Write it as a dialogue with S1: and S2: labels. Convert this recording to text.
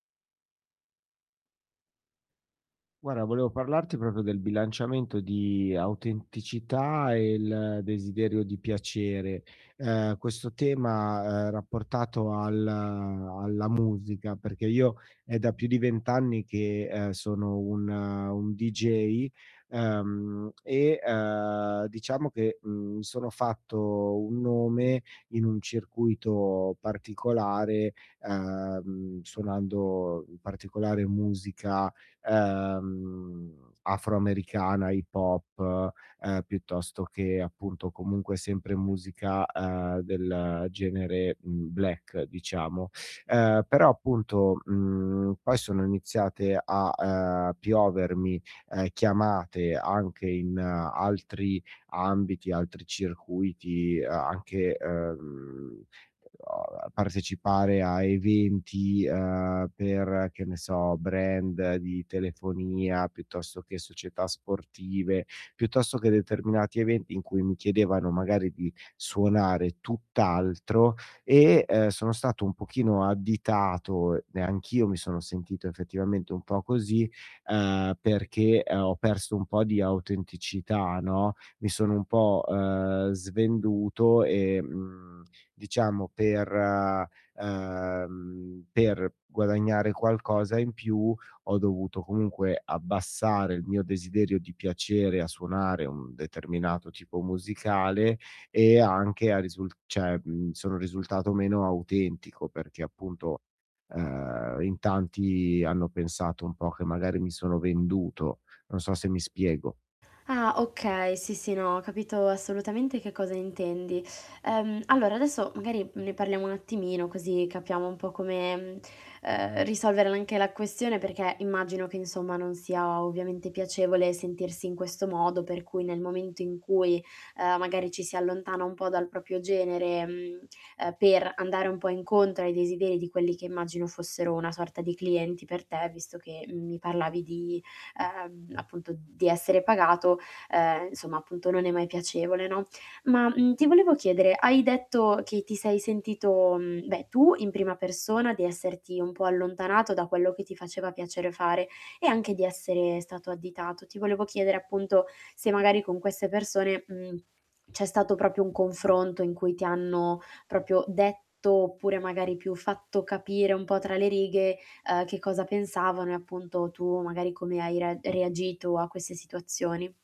S1: Guarda, volevo parlarti proprio del bilanciamento di autenticità e il desiderio di piacere. Ehm, questo tema, ehm, rapportato al alla musica, perché io è da più di 20 anni che, ehm, sono un un dj, ehm, e, ehm, diciamo che, mhmm, mi sono fatto un nome in un circuito particolare, ehm, suonando particolare musica, ehm, afroamericana, hip hop, ehm, piuttosto che appunto comunque sempre musica, ehm, del genere, mhmm, black, diciamo. Ehm, però, appunto, mhmm, poi sono iniziate a, ehm, piovermi, uhm, chiamate anche in altri ambiti, altri circuiti, anche, ehm, partecipare a eventi, uhm, per che ne so, brand di telefonia, piuttosto che società sportive, piuttosto che determinati eventi in cui mi chiedevano magari di suonare tutt'altro e, ehm, sono stato un pochino additato, e anch'io mi sono sentito effettivamente un po' così, ehm, perché ho perso un po' di autenticità, no, mi sono un po', uhm, svenduto e, mhmm, diciamo per ehm, per guadagnare qualcosa in più, ho dovuto comunque abbassare il mio desiderio di piacere a suonare un determinato tipo musicale, e anche a risul cioè sono risultato meno autentico, perché appunto, ehm, in tanti hanno pensato un po' che magari mi sono venduto. Non so se mi spiego.
S2: Ah, okay. Sì, sì, no, ho capito assolutamente che cosa intendi. Ehm, allora, adesso, magari, ne parliamo un attimino così capiamo un po' come, ehm, uhm, risolvere anche la questione perché immagino che, insomma, non sia ovviamente piacevole sentirsi in questo modo per cui nel momento in cui, ehm, magari ci si allontana un po' dal proprio genere, mhmm, ehm, per andare un po' incontro ai desideri di quelli che immagino fossero una sorta di clienti per te, visto che, mhmm, mi parlavi di, ehm, appunto di essere pagato, ehm, insomma, appunto, non è mai piacevole, no. Ma, mhmm ,ti volevo chiedere, hai detto che ti sei sentito, beh, tu in prima persona di esserti un po' allontanato da quello che ti faceva piacere fare e anche di essere stato additato. Ti volevo chiedere, appunto, se magari con queste persone, mhmm, c'è stato proprio un confronto in cui ti hanno proprio detto, oppure, magari più fatto capire un po' tra le righe, uhm, che cosa pensavano e appunto tu magari come hai rea reagito a queste situazioni.